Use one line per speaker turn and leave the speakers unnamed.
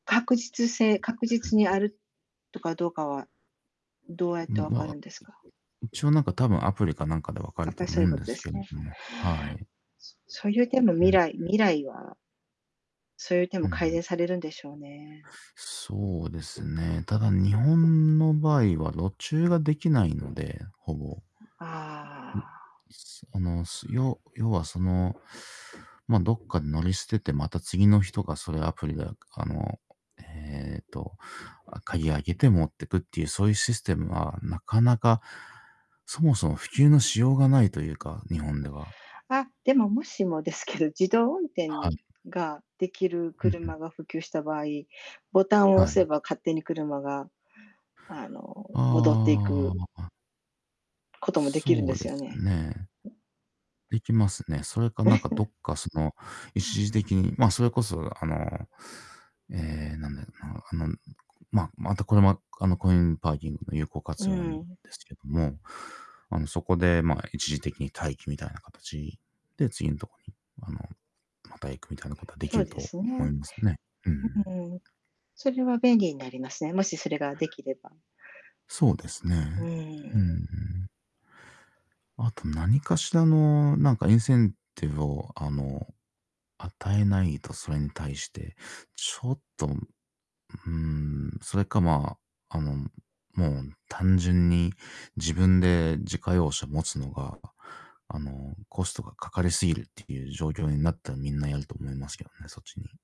確実性確
うん、
実にあるとか
う、
どうかは、どうやっ
う
て
ん、
わ
ま
か
あ、
るんですか？
一応、なんか、多分アプリかなんかで分か
や
る
っぱ
と
り、そ
思
う
う
いう
ん
こと
で
で
す
す
けど
ね。
も、はい。
そそれでも
うん
未
うん。
来未来はそういう手
う
も改
ん。
善されるんでしょうね。
そうですね、ただ、日本の場合は路駐が出来ないので、ほぼ。ん。い
ああ。
すあの、すよ要は、その、ま、どっかで乗り捨てて、また次の人がそれをアプリで、かあの、ええと、あ、鍵開けて持ってくっていう、そういうシステムはなかなかそもそも普及のしようがないというか、日本では。
あ、でも、もしもですけど、自動運転
はい。
ができる
うんうん。
車が普及した場合、ボタンを
は
押せ
い。
ば勝手に車が、あの、戻ってい
あ
く
あ。
こともできるん
そ
で
うで
すよ
す
ね。
ね。できますね。それか、なんか、ど っか、その、一時的にま、それこそ、あの、ええ、なんだろうな、あの、むこま、またこれも、あの、コインパーキングの有効
う
活用なんで
ん。
すけども、あの、そこで、まあ、一時的に待機、みたいな形で次のとこに、あの、また行く、みたいなことはでき
そう
る
で
と
す
思い
ね。
ますね。うん。
うん。それは便利になりますね、もしそれができれば。
そうです
う
ね。うー
ん。
ん。あと何かしらの、なんか、インセンティブを、あの、与えないと、それに対して。ちょっとうーん。それか、まあ、あの、もう単純に自分で自家用車持つのが、あの、コストがかかりすぎるっていう状況になったら、みんなやると思いますけどね、そっちに。